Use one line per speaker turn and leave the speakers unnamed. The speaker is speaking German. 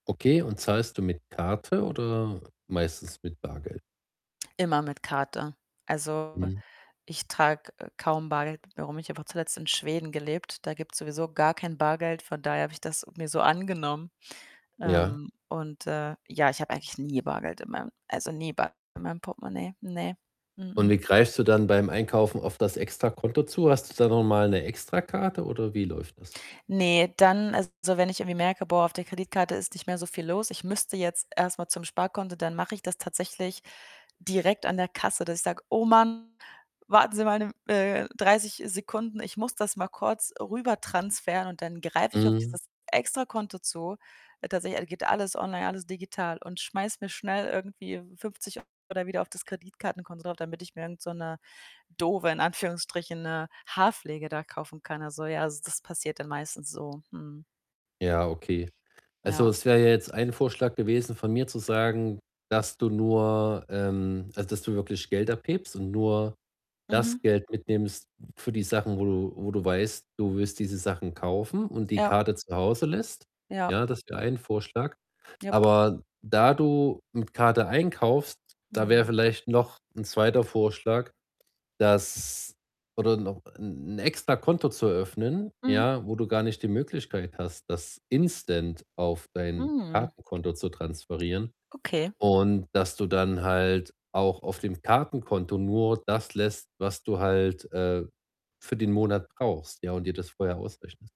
Okay, und zahlst du mit Karte oder meistens mit Bargeld?
Immer mit Karte. Also,
Mhm.
ich trage, äh, kaum Bargeld mit mir rum. Ich habe auch zuletzt in Schweden gelebt, da gibt's sowieso gar kein Bargeld, von daher habe ich das mir so angenommen.
Ja.
Ähm, und, äh, ja, ich habe eigentlich nie Bargeld in meinem also, nie Bargeld in meinem Portemonnaie. Ne, mh
Und
mh.
wie greifst du dann beim Einkaufen auf das Extrakonto zu? Hast du da noch mal 'ne Extrakarte oder wie läuft das?
Ne, dann, also, wenn ich irgendwie merke: „Boah, auf der Kreditkarte ist nicht mehr so viel los, ich müsste jetzt erst mal zum Sparkonto“, dann mache ich das tatsächlich direkt an der Kasse, dass ich sage: „Oh Mann, warten Sie mal 'ne M äh, 30 Sekunden, ich muss das mal kurz rüber transferieren.“, und dann greife ich auf
Mhm.
dieses Extrakonto zu. Tatsächlich, all geht alles online, alles digital und schmeiße mir schnell irgendwie w 50 oder wieder auf das Kreditkartenkonto drauf, damit ich mir irgend so 'ne doofe in Anführungsstrichen, ne, Haarpflege da kaufen kann. Also, ja, also, das passiert dann meistens so. Mhm.
Ja, okay. Also,
Ja.
es wäre ja jetzt ein Vorschlag gewesen von mir zu sagen, dass du nur ähm, also, dass du wirklich Geld abhebst und nur das
Mhm.
Geld mitnimmst für die Sachen, wo du wo du weißt, du wirst diese Sachen kaufen und die
Ja.
Karte zu Hause lässt.
Ja.
Ja, das wäre ein Vorschlag.
Jep.
Aber da du mit Karte einkaufst, da wäre
Mhm.
vielleicht noch 'n 2. Vorschlag, dass oder noch 'n 'n Extrakonto zu eröffnen,
Mhm.
ja, wo du gar nicht die Möglichkeit hast, das instant auf dein
Mhm.
Kartenkonto zu transferieren
Okay.
und, dass du dann halt auch auf dem Kartenkonto nur das lässt, was du halt, äh, für den Monat brauchst, ja, und dir das vorher ausrechnest.